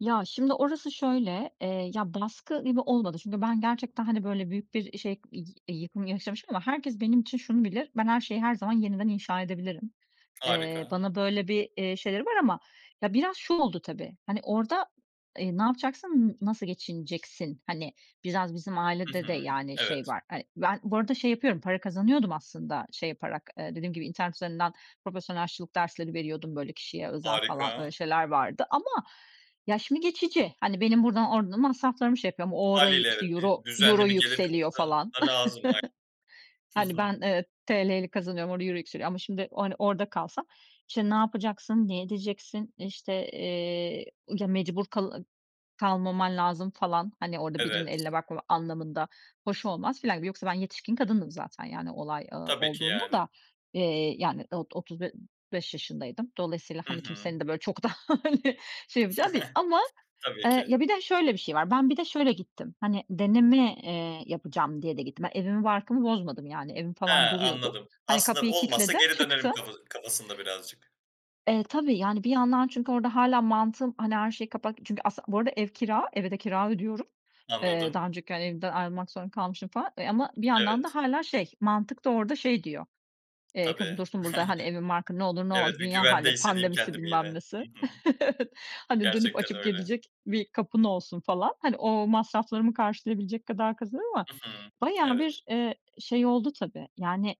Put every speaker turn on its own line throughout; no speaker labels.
Ya, şimdi, orası şöyle, eee, ya, baskı gibi olmadı çünkü ben gerçekten, hani, böyle büyük bir şey i eee, yıkım yaşamışım ama herkes benim için şunu bilir: Ben her şeyi her zaman yeniden inşa edebilirim. Eee,
Harika.
bana böyle bir, eee, şeyleri var ama Ya, biraz şu oldu, tabii. Hani, orada, eee, ne yapacaksın, n nasıl geçineceksin? Hani, biraz bizim
Hı
ailede de,
hı.
yani, şey
Evet.
var, hani Ben bu arada şey yapıyordum, para kazanıyordum aslında şey yaparak, eee, dediğim gibi internet üzerinden profesyonel aşçılık dersleri veriyordum, böyle, kişiye özel falan,
Harika.
öyle şeyler vardı ama, ya, şimdi geçici. Hani, benim buradan orada masraflarımı şey yapıyorum. O, orayı,
Hâliyle
işte
evet, bir
Euro euro
düzenli bir gelir
yükseliyor
kapısı
falan.
da lazım. Ay Hı
Hani,
hı.
ben, eee, TL'yle kazanıyorum, orada euro yükseliyor ama, şimdi, hani, orada kalsam, işte, ne yapacaksın, ne edeceksin? İşte, eee, ı ya, mecbur kal kalmaman lazım falan. Hani, orada birinin
Evet.
eline bakmama anlamında. Hoş olmaz filan gibi. Yoksa ben yetişkin kadındım zaten yani olay, ııı,
Tabii ki,
olduğunda
yani.
da. Eee, yani o otuz b beş yaşındaydım. Dolayısıyla,
Hı
hani,
hı.
kimsenin de, böyle, çok da, hani, şey yapacağı değil ama
Tabii
Eee,
ki.
ya, bir de şöyle bir şey var, ben bir de şöyle gittim; hani, deneme, eee, yapacağım diye de gittim. Ben evimi barkımı bozmadım yani evim
He,
falan duruyordu.
anladım.
Hani,
Aslında
kapıyı
olmazsa
kilitledim,
geri dönerim
çıktım.
kafa kafasında birazcık.
Eee, tabii, yani bir yandan çünkü orada hâlâ mantığım, hani, her şeyi kapat çünkü aslı Bu arada ev kira, eve de kira ödüyorum. Eee, daha
Anladım.
önceki, hani, evden ayrılmak zorunda kalmışım falan, eee, ama bir yandan da
Evet.
hâlâ şey mantık da orada şey diyor, eee, "Kızım,
Tabii.
dursun burada, hani, evin barkın. Ne olur ne olmaz,
Evet, bir
dünya hâli,
güvende hissedeyim
pandemisi
kendimi yine.
bilmem nesi.
Hı hı.
Evet. Hani dönüp
Gerçekten
açıp
öyle.
gelecek bir kapın olsun." falan. Hani, o masraflarımı karşılayabilecek kadar kazanıyorum ama
Hı hı.
bayağı
Evet.
bir, eee, şey oldu tabii, yani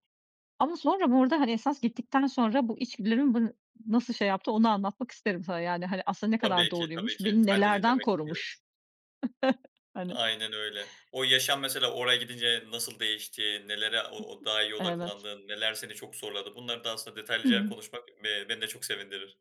Ama sonra, bu arada, hani, esas gittikten sonra bu içgüdülerimin bını nasıl şey yaptı, onu anlatmak isterim sana. Yani, hani, aslında ne kadar
Tabii ki, tabii
doğruymuş,
ki.
beni
Ben de
nelerden
dinlemek isterim.
korumuş. Hani.
Aynen öyle. O yaşam mesela oraya gidince nasıl değişti? Nelere o o daha iyi
Evet.
odaklandın? Neler seni çok zorladı? Bunları da aslında detaylıca
Hımm.
konuşmak b beni de çok sevindirir.